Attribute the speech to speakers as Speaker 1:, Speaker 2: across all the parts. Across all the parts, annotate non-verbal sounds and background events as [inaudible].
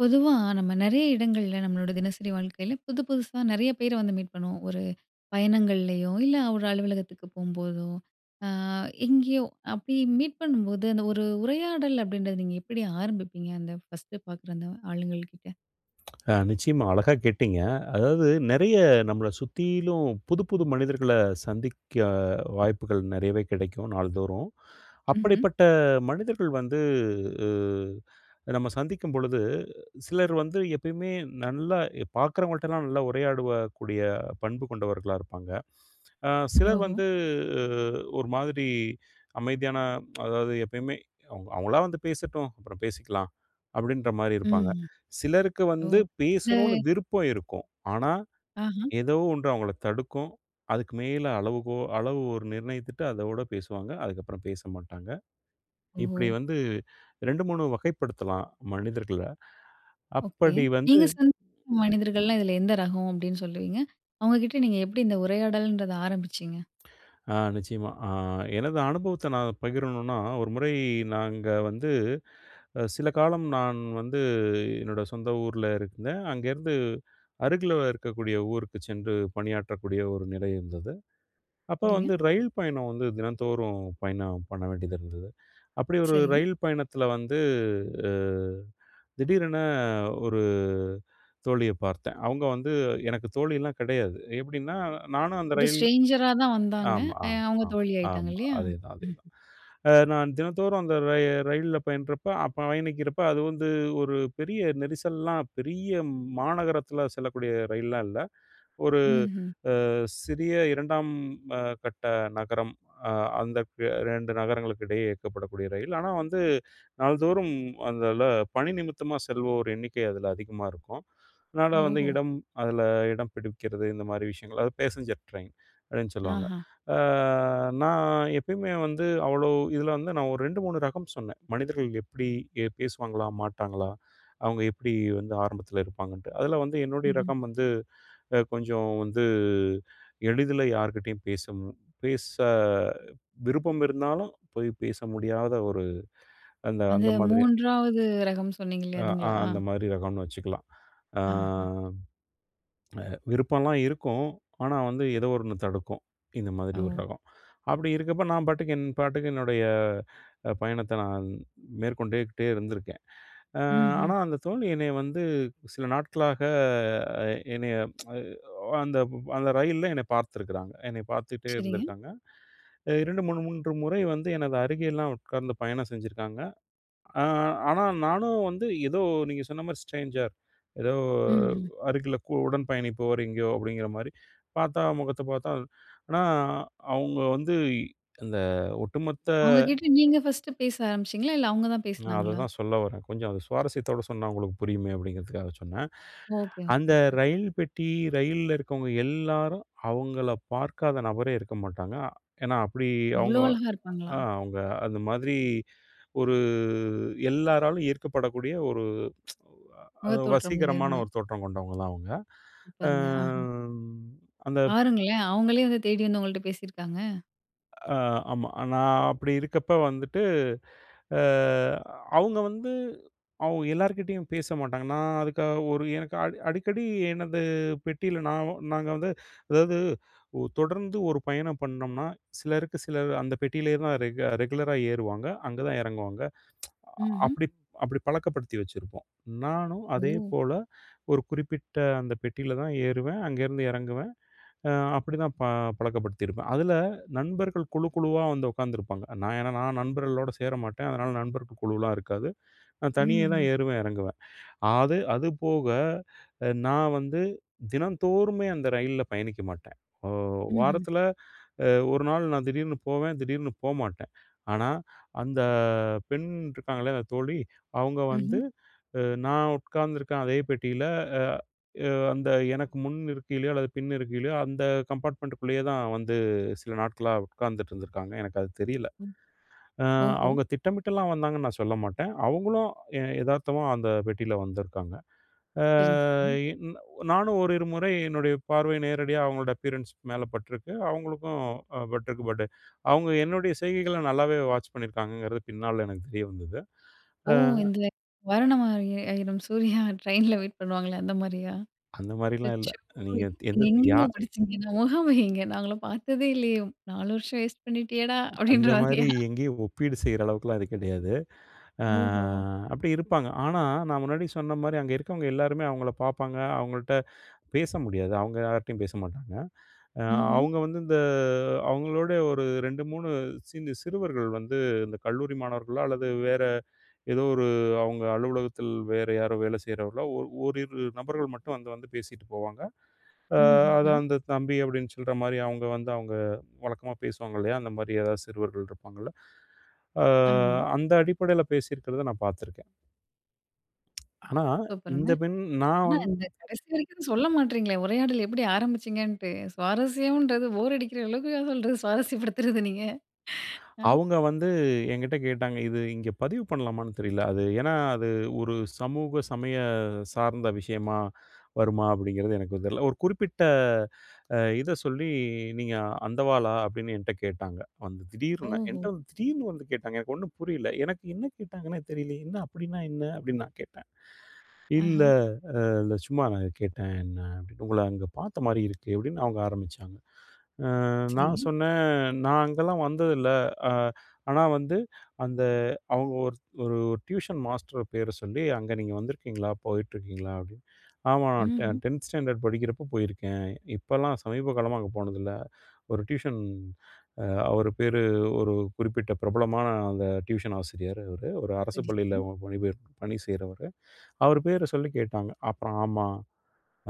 Speaker 1: பொதுவா நம்ம நெறைய இடங்கள்ல, நம்மளோட தினசரி வாழ்க்கையில புது, புதுசா நெறைய பேர வந்து மீட் பண்ணுவோம். ஒரு பயணங்கள்லேயோ இல்ல, ஒரு அலுவலகத்துக்கு போகும்போதோ அ எங்கேயோ. அப்டி மீட் பண்ணும்போது அந்த ஒரு உரையாடல் அப்படின்றத நீங்க எப்படி ஆரம்பிப்பீங்க? அந்த ஃபர்ஸ்ட்டு பாக்குற அந்த ஆளுகள் கிட்ட?
Speaker 2: அ நிச்சயமா அழகா கேட்டிங்க அதாவது, நெறைய நம்மள சுத்திலும் புதுப்புது மனிதர்கள சந்திக்க, வாய்ப்புகள் நெறையவே கெடைக்கும் நாள்தோறும்.
Speaker 1: ம்ஹ்ம்.
Speaker 2: அப்படிப்பட்ட மனிதர்கள் வந்து உ நம்ம சந்திக்கும் பொழுது, சிலர் வந்து எப்பயுமே நல்லா பாக்குறவங்கள்ட்டலாம், நல்லா உரையாடவக்கூடிய பண்பு கொண்டவர்களாக இருப்பாங்க. அ சிலர்
Speaker 1: ஓஹோ!
Speaker 2: வந்து ஒரு மாதிரி அமைதியான அதாவது, எப்பயுமே அவங்க அவங்களா வந்து பேசட்டும். அப்புறம் பேசிக்கலாம் அப்படின்ற மாதிரி
Speaker 1: ம்
Speaker 2: இருப்பாங்க.
Speaker 1: ம்,
Speaker 2: சிலருக்கு
Speaker 1: ஓ!
Speaker 2: வந்து பேசணுன்னு
Speaker 1: சரி.
Speaker 2: விருப்பம் இருக்கும், ஆனா,
Speaker 1: ஆஹ.
Speaker 2: ஏதோ ஒண்ணு அவங்கள தடுக்கும். அதுக்கு மேல அளவுகோ அளவு ஒரு நிர்ணயித்துட்டு அதோடு பேசுவாங்க. அதுக்கப்புறம் பேச மாட்டாங்க. இப்டி
Speaker 1: ஓ!
Speaker 2: வந்து 2,3 வகைப்படுத்தலாம் மனிதர்கள்ல
Speaker 1: ஓகே.
Speaker 2: அப்படி வந்து.
Speaker 1: நீங்க சந்த மனிதர்கள்ல இதுல எந்த ரகம்? அப்படின்னு சொல்லுவீங்க. அவங்ககிட்ட நீங்க எப்டி இந்த உரையாடல்ன்றத ஆரம்பிச்சீங்க?
Speaker 2: ஆ நிச்சயமா ஆ எனது அனுபவத்த நான் பகிரணுனா, ஒரு முறை நாங்க வந்து சில காலம், நான் வந்து என்னோட சொந்த ஊர்ல இருந்தேன். அங்கேருந்து அருகில இருக்கக்கூடிய ஊருக்கு சென்று, பணியாற்றக்கூடிய ஒரு நிலை இருந்தது. அப்போ
Speaker 1: சரிங்க.
Speaker 2: வந்து ரயில் பயணம் வந்து, தினந்தோறும் பயணம் பண்ண வேண்டியது இருந்தது. அப்படி ஒரு
Speaker 1: சரிங்க.
Speaker 2: ரயில் பயணத்தில வந்து, திடீரென ஒரு தோழிய பார்த்தேன். அவங்க வந்து எனக்கு தோழியல்லாம் கெடையாது எப்படின்னா நானும் அந்த
Speaker 1: ஒரு
Speaker 2: ரயில்
Speaker 1: ஸ்ட்ரேஞ்சரா தான் வந்தாங்க
Speaker 2: ஆமா, ஆமா,
Speaker 1: அவங்க
Speaker 2: ஆமா,
Speaker 1: தோழியாயிட்டாங்க,
Speaker 2: ஆமா.
Speaker 1: இல்லையா?
Speaker 2: அதேதான், அதேதான்.
Speaker 1: [chuckles]
Speaker 2: நான் தினந்தோறும் அந்த ரயில்ல பயணப்போ, அப்போ பயணிக்கிறப்போ அது வந்து ஒரு பெரிய, நெரிசல்லாம் பெரிய மாநகரத்தில செல்லக்கூடிய ரயில்லாம் இல்ல. ஒரு
Speaker 1: ம்ஹ்ம்.
Speaker 2: அ சிறிய 2ம் கட்ட நகரம் அ அந்த 2 நகரங்களுக்கு இடையே இயக்கப்படக்கூடிய ரயில். ஆனா, வந்து நாள்தோறும் அந்ததுல பணி நிமித்தமா செல்வோர் எண்ணிக்கை அதுல அதிகமா இருக்கும். [unintelligible]
Speaker 1: ஓஹோ!
Speaker 2: இடம் அதுல இடம் பிடிக்கிறது இந்த மாதிரி விஷயங்கள், அது பேஸஞ்சர் ட்ரெயின்னு சொல்லுவாங்க.
Speaker 1: ஆஹ.
Speaker 2: அ நான் எப்பயுமே வந்து அவ்ளோ இதுல வந்து நான், ஒரு 2 ,3 ரகம் சொன்னேன். மனிதர்கள் எப்டி பேசுவாங்களா? மாட்டாங்களா? அவங்க எப்டி வந்து ஆரம்பத்தில இருப்பாங்கன்ட்டு. அதுல வந்து என்னுடைய
Speaker 1: ம்ஹ்ம்.
Speaker 2: ரகம் வந்து கொஞ்சம் வந்து எளிதில யார்க்கிட்டயும் பேச பேச விருப்பம் இருந்தாலும், போய் பேச முடியாத ஒரு அந்த
Speaker 1: அந்த
Speaker 2: அந்த மாதிரி.
Speaker 1: 3வது ரகம்னு சொன்னீங்கல்ல,
Speaker 2: ஆ அ
Speaker 1: அதுங்களா?
Speaker 2: அந்த மாரி ரகம்ன்னு வச்சக்கலாம். அ
Speaker 1: ஆஹ.
Speaker 2: விருப்பம்ல்லாம் இருக்கும். ஆனா, வந்து ஏதோ ஒண்ணு தடுக்கும். இந்த மாரி ஒரு
Speaker 1: ஓ!
Speaker 2: ரகம். அப்படி இருக்கப்ப நான் பாட்டுக்கு என் பாட்டுக்கு என்னுடைய பயணத்த, நான் மேற்கொண்டேக்கிட்டே இருந்திருக்கேன்.
Speaker 1: ம்ஹ்ம்.
Speaker 2: ஆனா அந்த தோழி என்னைய வந்து சில நாட்களாக என்னைய [tsk] அந்த அந்த ரயில்ல என்னைய பாத்துருக்காங்க. என்னைய பாத்துட்டே
Speaker 1: சரிங்க.
Speaker 2: இருந்துருக்காங்க. 2, 3, 3 முறை வந்து எனது அருகேலாம் உட்கார்ந்து பயணம் செஞ்சிருக்காங்க. அ ஆனா நானும் வந்து ஏதோ நீங்க சொன்ன மாரி ஸ்ட்ரேஞ்சர், ஏதோ
Speaker 1: ம் ம்.
Speaker 2: அருகில உடன் பயணிப்போர் எங்கேயோ, அப்படிங்கிற மாதிரி பாத்தா முகத்த பாத்தா ஆனா அவங்க வந்து இந்த ஒட்டுமொத்த
Speaker 1: அவங்க கிட்ட நீங்க ஃபர்ஸ்ட்டு பேச ஆரம்பிச்சீங்களா இல்ல, அவங்க தான்
Speaker 2: நான்
Speaker 1: பேசினாங்களா?
Speaker 2: அததான் சொல்ல வரேன். கொஞ்சம் அத சுவாரஸ்யத்தோட சொன்னா, உங்களுக்கு புரியுமே அப்படிங்கிறதுக்காக சொன்னேன்.
Speaker 1: ஒகே, ஒகே,
Speaker 2: அந்த
Speaker 1: ஒகே.
Speaker 2: ரயில் பெட்டி ரயில்ல இருக்கவங்க எல்லாரும், அவங்கள பாக்காத நபரே இருக்க மாட்டாங்க. ஏன்னா, அப்படி
Speaker 1: இவ்ளோ
Speaker 2: அவங்க
Speaker 1: அழகா இருப்பாங்களா!
Speaker 2: அ அவங்க அந்த மாதிரி ஒரு எல்லாராலும் ஈர்க்கப்படக்கூடிய [tsk] ஒரு
Speaker 1: முகத்தோற்றம்
Speaker 2: வசீகரமான
Speaker 1: மூலியமா.
Speaker 2: ஒரு தோற்றம் கொண்டவங்க தான் அவங்க. அ
Speaker 1: சூப்பருங்க, ஆஹ.
Speaker 2: அந்த
Speaker 1: பாருங்களேன்! அவுங்களே வந்து தேடி வந்து உங்கள்ட்ட பேசியிருக்காங்க.
Speaker 2: அ ஆமா. நான் அப்படி இருக்கப்போ வந்துட்டு, அ அவங்க வந்து அவங்க எல்லார்கிட்டேயும் பேச மாட்டாங்க. நான் அதுக்காக ஒரு எனக்க அடு அடிக்கடி எனது பெட்டியில நாவும் நாங்க வந்து அதாவது, ஓ தொடர்ந்து ஒரு பயணம் பண்ணோம்னா, சிலருக்கு சிலர், அந்த பெட்டியிலேயே தான் ரெகு ரெகுலரா ஏறுவாங்க. அங்கே தான் இறங்குவாங்க.
Speaker 1: ம்ஹ்ம்.
Speaker 2: அப்படி அப்படி பழக்கப்படுத்தி வச்சிருப்போம். நானும்
Speaker 1: ஓ!
Speaker 2: அதேபோல ஒரு குறிப்பிட்ட அந்த பெட்டில தான் ஏறுவேன். அங்கேருந்து இறங்குவேன். அ அப்படிதான் ப பழக்கப்படுத்தியிருப்பேன். அதில நண்பர்கள் குழு குழுவா வந்து உக்காந்துருப்பாங்க. நான் என்னனா நான் நண்பர்களோடு சேர மாட்டேன். அதனால நண்பர்க்கு குழுவலாம் இருக்காது. நான் தனியே தான்
Speaker 1: ம்ஹ்ம்.
Speaker 2: ஏறுவேன், இறங்குவேன். அது அதுபோக, அ நான் வந்து தினந்தோறுமே அந்த ரயில்ல பயணிக்க மாட்டேன். ஓ
Speaker 1: ம்ஹ்ம்.
Speaker 2: வாரத்துல அ ஒரு நாள் நான் திடீர்னு போவேன். திடீர்னு போமாட்டேன். ஆனா அந்த பெண் இருக்காங்களே, அந்த தோழி. அவங்க
Speaker 1: ம்ஹ்ம்.
Speaker 2: வந்து நான் அ உட்காந்துருக்கேன். அதே பெட்டியில அ அ அந்த எனக்கு முன் இருக்கையிலையோ, அல்லது பின் இருக்கைலையோ, அந்த கம்பார்ட்மெண்ட்குள்ளேயே தான் வந்து, சில நாட்களா உக்காந்துட்டு இருந்திருக்காங்க. எனக்கு அது தெரியல.
Speaker 1: ம்
Speaker 2: அ
Speaker 1: ஓஹோ!
Speaker 2: அவங்க திட்டமிட்டலாம் வந்தாங்கன்னு நான் சொல்ல மாட்டேன், அவங்களும் எ எதார்த்தமா அந்த பெட்டியில வந்திருக்காங்க. அ
Speaker 1: சரி [unintelligible]
Speaker 2: இ நானும் ஓரிரு முறை என்னுடைய பார்வை நேரடியா அவங்களோட அப்பியரன்ஸ் மேலே பட்டிருக்கு. அவங்களுக்கும் ம் அ பட்டிருக்கு. பட் அவங்க என்னுடைய செய்கைகளை நல்லாவே வாட்ச் பண்ணியிருக்காங்கங்கிறது பின்னால எனக்கு தெரிய வந்தது.
Speaker 1: ஓ
Speaker 2: அ
Speaker 1: இந்த [chuckles] வரணமாரிய ஆயிரம் சூர்யா ட்ரெயின்ல வெயிட் பண்ணுவாங்களே அந்த மாரியா,
Speaker 2: அந்த மாரிலாம் இல்ல.
Speaker 1: அச்சோ
Speaker 2: நீங்க
Speaker 1: நீங்க
Speaker 2: எந்த
Speaker 1: எங்கேங்க
Speaker 2: யார்
Speaker 1: படிசீங்க, அந்த முகம் எங்க, நாங்களும் பார்த்ததே இல்லையே, நாலு வருஷம் [chuckles] வேஸ்ட் பண்ணிட்டியேடா! அப்படின்ற
Speaker 2: அந்த மாதிரி
Speaker 1: மாதிரியா?
Speaker 2: எங்கேயும் ஒப்பீடு செய்ற அளவுக்குலாம் இது கிடையாது. அ
Speaker 1: ஓஹோ.
Speaker 2: அப்படி இருப்பாங்க. ஆனா நான் முன்னாடி சொன்ன மாரி அங்கே இருக்கவங்க எல்லாருமே அவங்களை பாப்பாங்க. அவங்கள்ட்ட பேச முடியாது. அவங்க யார்ட்டயும் பேச மாட்டாங்க. அ
Speaker 1: ம்ஹ்ம்.
Speaker 2: அவங்க வந்து இந்த அவங்களோட ஒரு 2 3 சின்ன சிறுவர்கள் வந்து, இந்த கல்லூரி மாணவர்களோ அல்லது வேற ஏதோ ஒரு, அவங்க அலுவலகத்தில் வேறு யாரோ வேலை செய்றவர்களோ, ஒ ஓரிரு நபர்கள் மட்டும் வந்து வந்து பேசிட்டு போவாங்க. அ அது
Speaker 1: ம்ஹ்ம்.
Speaker 2: அந்த தம்பி அப்படின்னு சொல்ற மாதிரி அவங்க வந்து அவங்க வழக்கமா பேசுவாங்க இல்லையா, அந்த மாரி ஏதாவது சிறுவர்கள் இருப்பாங்கள்ல, அ
Speaker 1: ஆமா.
Speaker 2: அந்த அடிப்படையில பேசியிருக்கிறதை நான் பார்த்துருக்கேன். ஆனா
Speaker 1: சூப்பர்‌ங்க.
Speaker 2: இந்த பெண் நான்
Speaker 1: ஆனா
Speaker 2: வந்
Speaker 1: இந்த கடைசி வரைக்கும் சொல்ல மாட்றீங்களே, உரையாடல் எப்படி ஆரம்பிச்சீங்கன்னுட்டு. சுவாரஸ்யம்ன்றது, போர் அடிக்கிற அளவுக்கா சொல்றது. சுவாரஸ்யப்படுத்துறது நீங்க அ.
Speaker 2: அவங்க வந்து என்கிட்ட கேட்டாங்க, "இது இங்கே பதிவு பண்ணலாமான்னு தெரியல" அது ஏன்னா அது ஒரு சமூக சமய சார்ந்த விஷயமா வருமா அப்படிங்கிறது எனக்கு தெரில. ஒரு குறிப்பிட்ட அ இதை சொல்லி, "நீங்க அந்தவாளா?" அப்டின்னு என்ட்ட கேட்டாங்க. வந்து திடீர்னு.
Speaker 1: ஓஹோ!
Speaker 2: என்ட்ட திடீர்னு வந்து கேட்டாங்க. எனக்கு ஒண்ணும் புரியல. எனக்கு என்ன கேட்டாங்கன்னே தெரியலையே, "என்ன அப்படின்னா என்ன?" அப்படின்னு நான் கேட்டேன் "இல்லை
Speaker 1: ஆஹன்.
Speaker 2: இல்லை சும்மா நான் கேட்டேன்." என்ன அப்படின், "உங்களை அங்கே பார்த்த மாரி இருக்கு" அப்படின்னு அவங்க ஆரம்பிச்சாங்க. அ நான்
Speaker 1: சரி.
Speaker 2: சொன்னேன், "நான் அங்கேலாம் வந்ததில்லை". அ ஆனா வந்து, அந்த அவங்க ஒரு ஒரு டியூஷன் மாஸ்டர் பேரை சொல்லி, "அங்கே நீங்க வந்திருக்கீங்களா, போயிட்டுருக்கீங்களா" அப்படின்னு. "ஆமாம் நான் டெ
Speaker 1: ம்ஹ்ம்.
Speaker 2: 10 ஸ்டாண்டர்ட் படிக்கிறப்போ போயிருக்கேன். இப்போலாம் சமீப காலமா அங்கே போனதில்ல". ஒரு டியூஷன் அ அவர் பேரு ஒரு குறிப்பிட்ட பிரபலமான அந்த டியூஷன் ஆசிரியர் அவரு ஒரு அரசு
Speaker 1: சரி, சரி.
Speaker 2: பள்ளியில பணிபெயர் பணி செய்றவரு. அவர் பேரை சொல்லி கேட்டாங்க. அப்புறம் "ஆமா,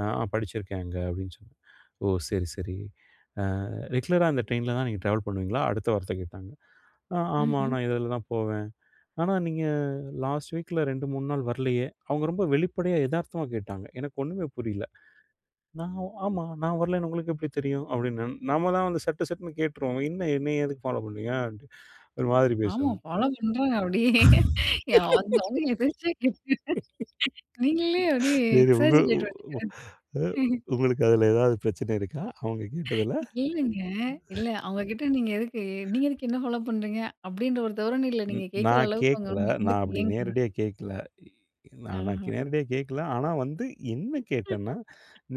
Speaker 2: அ படிச்சிருக்கேன் அங்கே". அப்படின்னு சொன்ன. "ஓ சரி சரி. அ ரெகுலரா அந்த ட்ரெயினில தான் நீங்க ட்ராவல் பண்ணுவீங்களா?" அடுத்த வார்த்தை கேட்டாங்க. "ஆ ஆமா
Speaker 1: ம்ஹ்ம்.
Speaker 2: நான் இதுல தான் போவேன்". "ஆனா நீங்க லாஸ்ட் வீக்கில 2 3 நாள் வரலையே". அவங்க ரொம்ப வெளிப்படையா எதார்த்தமா கேட்டாங்க. எனக்கு ஒன்னுமே புரியல. நான் ஆமா நான் வரலைன்னு உங்களுக்கு எப்படி தெரியும். அப்படின்னு. நம்ம தான் வந்து சட்டு சட்டுன்னு கேட்டுருவோம். என்ன என்னை எதுக்கு ஃபாலோ பண்ணுறீங்கன்ட்டு. ஒரு மாதிரி பேசுவேங்க.
Speaker 1: ஆமாம், பாலோ பண்றாங்க அப்படியே, [unintelligible] நீங்களே அப்படியே
Speaker 2: [laughs] சரி உங்கள
Speaker 1: எக்ஸாஜிரேட்டரா
Speaker 2: உ அ
Speaker 1: நீங்க?
Speaker 2: உங்களுக்கு அதில ஏதாவது பிரச்சனை இருக்கா, அவங்க கேட்டதில?
Speaker 1: [laughs] இல்லைங்க, இல்லை அவங்க கிட்ட நீங்க எதுக்கு நீங்க எதுக்கு என்ன ஃபாலோ பண்ணுறீங்க, அப்படின்ற ஒரு தோரணைல
Speaker 2: ம்
Speaker 1: நீங்க கேட்கிற
Speaker 2: நான்
Speaker 1: அளவுக்கு, அவங்க
Speaker 2: கேக்கல.
Speaker 1: ஒண்ணும்
Speaker 2: நான் அப்படி
Speaker 1: நடந்துக்கலையேங்கறதுதான்.
Speaker 2: நேரடியா கேக்கல. நான் நான்
Speaker 1: ஆஹான்.
Speaker 2: நேரடியா கேக்கல. ஆனா வந்து என்ன கேட்டேன்னா,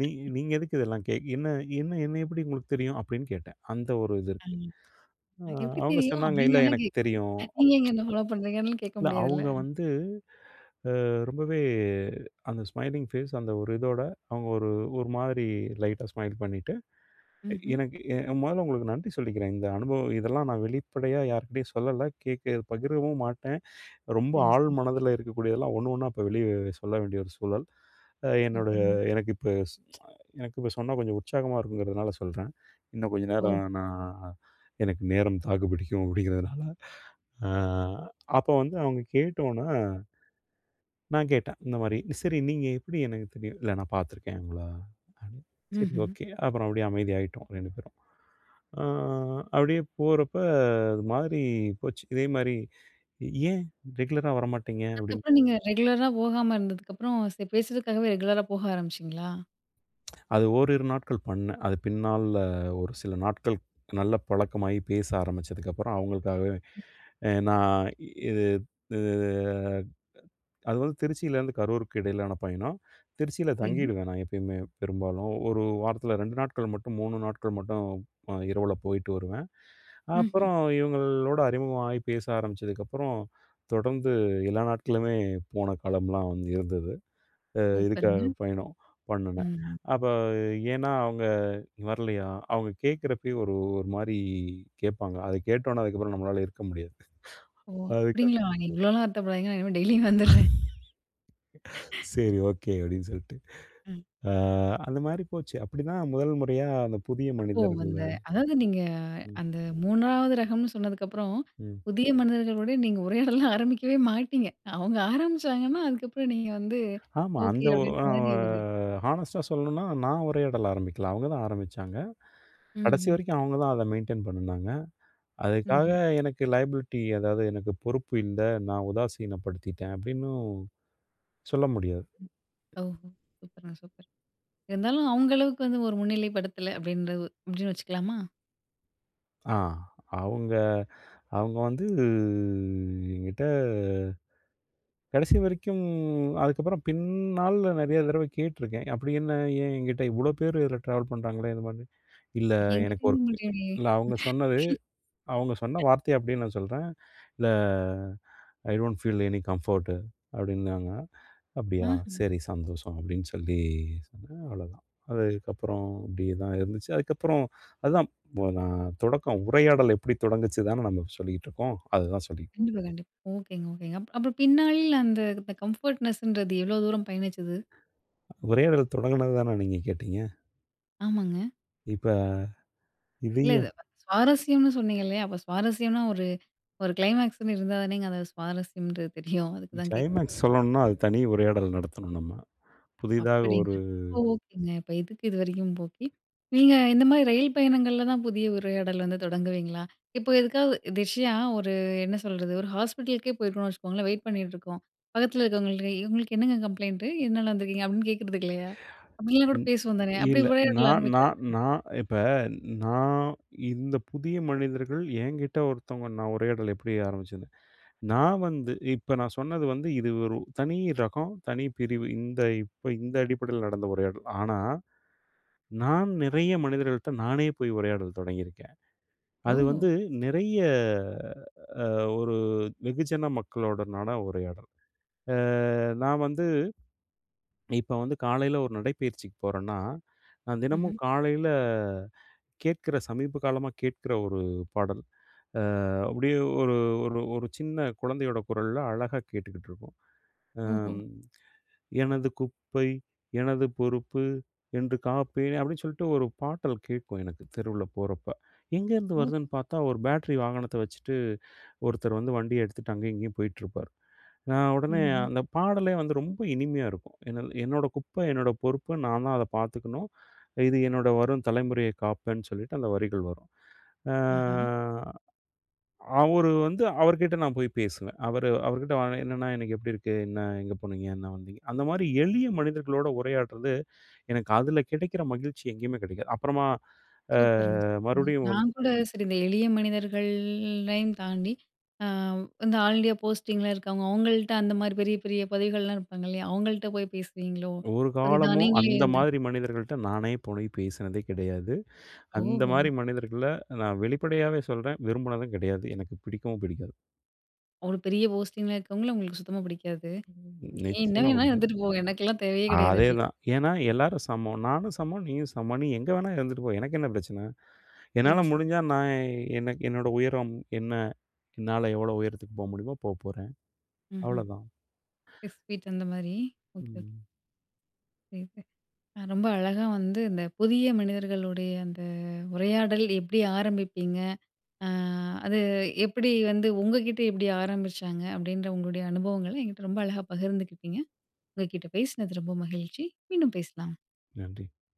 Speaker 2: "நீ நீங்க எதுக்கு இதெல்லாம் கே என்ன என்ன என்ன எப்படி உங்களுக்கு தெரியும்?" அப்படின்னு கேட்டேன். அந்த ஒரு இது
Speaker 1: ம்
Speaker 2: இருக்கு.
Speaker 1: [chuckles]
Speaker 2: ஆ
Speaker 1: உனக்கு எப்படி
Speaker 2: அவங்க
Speaker 1: தெரியும்?
Speaker 2: சொன்னாங்க
Speaker 1: அப்படின்னு
Speaker 2: "இல்ல
Speaker 1: வேண்ணா
Speaker 2: எனக்கு
Speaker 1: கேக்கலாம்.
Speaker 2: தெரியும்".
Speaker 1: நீங்க ஏங்க என்ன ஃபாலோ பண்ணுறீங்கன்னு
Speaker 2: [smacks lips]
Speaker 1: கேட்க
Speaker 2: இல்லை
Speaker 1: முடியாதுல்ல?
Speaker 2: அவங்க வந்து, அ ரொம்பவே அந்த ஸ்மைலிங் ஃபேஸ் அந்த ஒரு இதோட, அவங்க ஒரு ஒரு மாதிரி லைட்டா ஸ்மைல் பண்ணிட்டு,
Speaker 1: ம்ஹ்ம்
Speaker 2: எனக்கு எ மொதல்ல உங்களுக்கு நன்றி சொல்லிக்கிறேன். இந்த அனுபவம் இதெல்லாம் நான் வெளிப்படையா யார்க்கிட்டயும் சொல்லலை, கேட்க பகிரவும் மாட்டேன். ரொம்ப
Speaker 1: சரி,
Speaker 2: ஆழ்
Speaker 1: சரி.
Speaker 2: மனதில இருக்கக்கூடியதெல்லாம், ஒண்ணு ஒண்ணா, இப்போ வெளிய சொல்ல வேண்டிய ஒரு சூழல். அ என்னோடய
Speaker 1: சூப்பர்ங்க.
Speaker 2: எனக்கு இப்போ, எனக்கு இப்போ சொன்னா கொஞ்சம் உற்சாகமா இருக்குங்கிறதுனால, சொல்றேன். இன்னும் கொஞ்சம்
Speaker 1: ஓ!
Speaker 2: நேரம் நான் [chuckles] எனக்கு நேரம் தாக்கு பிடிக்கும். அப்படிங்கிறதுனால. அ, அப்போ வந்து அவங்க கேட்ட உடனே, நான் கேட்டேன். இந்த மாரி. "சரி நீங்க எப்படி எனக்கு தெரியும்" "இல்லை நான் பார்த்துருக்கேன் உங்களை". அப்டி சரி
Speaker 1: ம்ஹ்ம்.
Speaker 2: ஓகே அப்புறம் அப்படியே அமைதியாயிட்டோம். 2 பேரும். அ அப்படியே போறப்ப இது மாதிரி போச்சு, இதே மாரி "ஏன் ரெகுலரா வரமாட்டிங்க?" அப்படின்னு.
Speaker 1: அதுக்கப்புறம் நீங்க ரெகுலராக போகாம இருந்ததுக்கப்புறம், ஸ் பேசுரதுக்காகவே ரெகுலரா போக ஆரம்பிச்சீங்களா?
Speaker 2: அது ஓரிரு நாட்கள் பண்ணேன். அது பின்னால ஒரு சில நாட்கள் நல்ல பழக்கமாகி பேச ஆரம்பிச்சதுக்கப்பறம் அவங்களுக்காகவே அ நான் இ இது அ அது வந்து திருச்சியிலேருந்து கரூருக்கு இடையிலான பயணம். திருச்சியில
Speaker 1: சரிங்க.
Speaker 2: தங்கிடுவேன் நான் எப்பயுமே பெரும்பாலும். ஒரு வாரத்தில 2 நாட்கள் மட்டும் 3 நாட்கள் மட்டும் அ இரவில போயிட்டு வருவேன்.
Speaker 1: ம்ஹ்ம்.
Speaker 2: அப்பறம் இவங்களோட அறிமுக ஆயி பேச ஆரம்பிச்சதுக்கப்பறம் தொடர்ந்து எல்லா நாட்களுமே போன காலம்லாம் வந்து இருந்தது. அ இதுக்காக,
Speaker 1: சூப்பர்ங்க.
Speaker 2: பயணம் பண்ணுனேன்.
Speaker 1: ம்ஹ்ம்.
Speaker 2: அப்ப ஏன்னா அவங்க "வரலையா?" அவங்க கேட்கறப்பயே ஒரு ஒரு மாரி கேட்பாங்க. அத கேட்ட உடனே அதுக்கப்பறம் நம்மளால இருக்க முடியாது.
Speaker 1: ஓ!
Speaker 2: அதுக்கா
Speaker 1: அப்படிங்களா? நீங்க இவ்வளோலாம் வருத்தப்படாதீங்க. நான் இனிமே டெய்லியும் வந்தர்றேன்.
Speaker 2: [laughs] "சரி, ஓகே." அப்படின்னு சொல்லிட்டு.
Speaker 1: ம்ஹ்ம்.
Speaker 2: அ அந்த மாதிரி போச்சு. அப்படி தான் முதல் முறையா அந்த புதிய
Speaker 1: அப்போ அந்த
Speaker 2: மனிதர்கள்ல
Speaker 1: அதாவது நீங்க
Speaker 2: ம்.
Speaker 1: அந்த 3 ரகம்ன்னு சொன்னதக்கப்புறம்,
Speaker 2: ம்.
Speaker 1: புதிய மனிதர்களோடு நீங்க உரையாடல்லாம் ஆரம்பிக்கவே மாட்டீங்க. அவங்க ஆரம்பிச்சாங்கன்னா, அதுக்கப்பறம் நீங்க வந்து
Speaker 2: ஆமா.
Speaker 1: ஓகே
Speaker 2: அந்த ஒ
Speaker 1: அப்படின்ற
Speaker 2: அ
Speaker 1: மாரி ஒரு
Speaker 2: ஹானஸ்ட்டா சொல்லணும்னா நான் உரையாடல் ஆரம்பிக்கல. அவங்க தான் ஆரம்பிச்சாங்க. கடைசி
Speaker 1: ம்ஹ்ம்.
Speaker 2: வரைக்கும் அவங்க தான் அத மெயின்டெயின் பண்ணுனாங்க. அதுக்காக
Speaker 1: ம்ஹ்ம்.
Speaker 2: எனக்கு லையபிலிட்டி ஏதாவது எனக்கு பொறுப்பு இல்ல, நான் உதாசீனப்படுத்திட்டேன் அப்படின்னும் சொல்ல முடியாது.
Speaker 1: ம். ஓஹோ! சூப்பர்‌ங்க சூப்பர். இருந்தாலும் அவங்க அளவுக்கு வந்து ஒரு முன்னிலை படுத்தல அப்படின்ற அப்படின்னு வச்சுக்கலாமா?
Speaker 2: ஆ. அவுங்க அவுங்க வந்து, என்கிட்ட கடைசி வரைக்கும் கடைசி வரைக்கும் அதுக்கப்புறம் பின்னாள்ல, நெறைய தடவை கேட்டுருக்கேன். அப்டி என்ன? ஏன்? எங்கிட்ட இவ்ளோ பேரு, இதில ட்ராவல் பண்ணுறாங்களே! இது மாரி. இல்ல எனக்கு ஒர்க் இல்ல அவுங்க சொன்னது, அவுங்க சொன்ன
Speaker 1: [unintelligible]
Speaker 2: வார்த்தைய அப்டியே நான் சொல்றேன். "இல்ல I don't feel any comfort" அப்டின்னாங்க. "அப்டியா,
Speaker 1: ஆஹ.
Speaker 2: சரி சந்தோஷம்" அப்டின்னு சொல்லி சொன்னேன், அவ்ளோதான். அதுக்கப்புறம் இப்டியே தான் இருந்துச்சு. அதுக்கப்புறம், அதான் நான், தொடக்கம் உரையாடல் எப்டி தொடங்குச்சுன்தான நாம சொல்லிகிட்டுருக்கோம். அதுதான் சொல்லி.
Speaker 1: கண்டிப்பா, கண்டிப்பா. ஓகேங்க, ஓகேங்க. அப் அப்ப பின்னாளில் அந்த கம்ஃபர்ட்னெஸ் ன்றது எவ்ளோ தூரம் பயணிச்சது?
Speaker 2: உரையாடல் தொடங்குனது தான, நீங்க கேட்டீங்க?
Speaker 1: ஆமாங்க.
Speaker 2: இப்ப
Speaker 1: இல்ல இது
Speaker 2: இதையும்.
Speaker 1: சுவாரஸ்யம்ன்னு சொன்னீங்கல்லையா? அப்போ சுவாரஸ்யம்னா, ஒரு ஒரு கிளைமாக்ஸ்னு இருந்தாதானே, நீங்க அத சுவாரஸ்யம்ன்றது தெரியும். அதுக்கு தான் கேட்
Speaker 2: கிளைமாக்ஸ் சொல்லணும்னா, அது தனி உரையாடல் நடத்தணும் நம்ம. புதிதாக ஒரு
Speaker 1: அப்டிங்களா! அப்ப ஓகேங்க. இப்ப எதுக்கு இதுவரைக்கும், ஓகே. நீங்க இந்த மாரி ரயில் பயணங்கள்ல தான் புதிய உரையாடல் வந்து தொடங்குவீங்களா? இப்ப எதுக்காவது ஒரு விஷயம் ஒரு என்ன சொல்றது? ஒரு ஹாஸ்பிட்டலுக்கே போயிருக்கோம்னு வச்சுக்கோங்களேன். வெயிட் பண்ணிட்டு இருக்கோம். பக்கத்ல இருக்கிறவங்கிட்ட, "உங்களுக்கு என்னங்க கம்ப்ளைண்ட்டு? எத்னால வந்துருக்கீங்க?" அப்டின்னு கேக்றதுக்கு
Speaker 2: [breath]
Speaker 1: இல்லையா? அப்டிலாம் கூட
Speaker 2: ம்.
Speaker 1: பேசுவோம் தானே? அப்டி
Speaker 2: இல்ல
Speaker 1: உரையாடல்
Speaker 2: நான் நான்
Speaker 1: ஆரம்பிக்கலால்ல.
Speaker 2: நான் இப்ப நான் இந்த புதிய மனிதர்கள், என்கிட்டே ஒருத்தவங்க, நான் உரையாடல் எப்படி ஆரம்பிச்சது. நான் வந்து இப்ப நான் சொன்னது வந்து, இது ஒரு தனி ரகம், தனி பிரிவு. இந்த இப்ப, இந்த அடிப்படைல நடந்த உரையாடல். ஆனா, நான் நிறைய மனிதர்கள்கிட்ட நானே போய் உரையாடல் தொடங்கியிருக்கேன். அது
Speaker 1: ஓஹோ!
Speaker 2: வந்து நிறைய, ஒரு வெகுஜன மக்களோட நட உரையாடல். அ நான் வந்து [swallows] இப்ப வந்து காலைல ஒரு நடைப்பயிற்சிக்கு போறேன்னா, நான் தினமும்
Speaker 1: ம்ஹ்ம்.
Speaker 2: காலைல கேட்கிற, சமீப காலமா கேட்கிற ஒரு பாடல். அ அப்டியே ஒரு ஒரு ஒரு சின்ன குழந்தையோட குரல்ல அழகா கேட்டுக்கிட்டு இருக்கும். அ
Speaker 1: ஓஹோ!
Speaker 2: "எனது குப்பை, எனது பொறுப்பு என்று காப்பேன்" அப்டின்னு சொல்ட்டு ஒரு பாட்டல் கேட்கும் எனக்கு, தெருவுல போறப்ப. எங்கேருந்து
Speaker 1: ஓ.
Speaker 2: வருதுன்னு பார்த்தா, ஒரு பேட்ரி வாகனத்த வச்சுட்டு ஒருத்தரு வந்து வண்டியை எடுத்துட்டு, அங்கேயும், இங்கேயும் போயிட்டுருப்பார். நான் உடனே
Speaker 1: ம்ஹ்ம்.
Speaker 2: அந்த பாடலே வந்து ரொம்ப இனிமையா இருக்கும். என்ன என்னோட குப்பை, என்னோட பொறுப்பு, நான்தான் அத பார்த்துக்கணும். இது என்னோட வரும் தலைமுறையை காப்பேன்னு சொல்லிட்டு, அந்த வரிகள் வரும். அ
Speaker 1: ஆஹ்ம்.
Speaker 2: அவரு வந்து அவர்கிட்ட நான் போய் பேசுவேன். அவரு அவர்கிட்ட என்னண்ணா இன்னைக்கு எப்டி இருக்கு? என்ன? எங்கே போனீங்க? என்ன வந்தீங்க? அந்தமாரி எளிய மனிதர்களோட உரையாட்றது. எனக்கு அதில கிடைக்கிற மகிழ்ச்சி, எங்கேயுமே கெடைக்காது. அப்புறமா அ
Speaker 1: சூப்பருங்க! சூப்பருங்க!
Speaker 2: மறுபடியும் வந்
Speaker 1: நான் கூட சரி இந்த எளிய மனிதர்கள்லையும் தாண்டி, அ இந்த ஆல் இண்டியா போஸ்டிங்ல இருக்கிறவங்க, அவுங்கள்ட்ட அந்த மாரி பெரிய பெரிய பதவிகள்லாம் இருப்பாங்க, இல்லையா? அவங்கள்ட்ட போய் பேசுவீங்களோ,
Speaker 2: ஒரு
Speaker 1: சரிதான்
Speaker 2: காலமும்
Speaker 1: நீங்களே
Speaker 2: அந்த
Speaker 1: வந்து
Speaker 2: மாரி மனிதர்கள்ட்ட நானே போய் பேசினதே கெடையாது. அந்த
Speaker 1: ஓஹோ!
Speaker 2: மாரி மனிதர்கள, நான் வெளிப்படையாவே சொல்றேன். விரும்பினதும் கிடையாது. எனக்கு பிடிக்கவும் பிடிக்காது.
Speaker 1: அவ்ள பெரிய போஸ்ட்டிங்கில இருக்கவங்கள உங்களுக்கு சுத்தமா பிடிக்காது! "நீ என்ன
Speaker 2: நிச்சயமா
Speaker 1: வேணா
Speaker 2: பிடிக்காது.
Speaker 1: இருந்துட்டு போ. எனக்குலாம் தேவையே கிடையாது", அப்டின்னு.
Speaker 2: அதேதான், ஏன்னா, எல்லாரும் சமம். நானும் சமம், நீயும் சமம். நீ எங்கே வேணா இருந்துட்டு போ. எனக்கு என்ன பிரச்சன? என்னால
Speaker 1: சரிங்க சரிங்க.
Speaker 2: முடிஞ்சா, நான் எனக்கு என்னோட உயரம் என்ன? என்னால எவ்ளோ உயரத்துக்கு போக முடியுமோ போகப்போறேன்
Speaker 1: ம்ஹ்ம்.
Speaker 2: அவ்ளதான். [breath]
Speaker 1: எஸ் ஸ்வீட், அந்த மாரி. Okay, okay.
Speaker 2: ம்.
Speaker 1: [unintelligible] ரொம்ப அழகா வந்து, இந்த புதிய மனிதர்களுடைய அந்த உரையாடல் எப்டி ஆரம்பிப்பீங்க? அ அது எப்டி வந்து, உங்ககிட்ட எப்டி ஆரம்பிச்சாங்க? அப்டின்ற உங்களுடைய அனுபவங்களை என்கிட்டே ரொம்ப அழகா பகிர்ந்துக்கிட்டீங்க. உங்க கிட்ட பேசினது, ரொம்ப மகிழ்ச்சி. மீண்டும் பேசலாம்.
Speaker 2: நன்றி.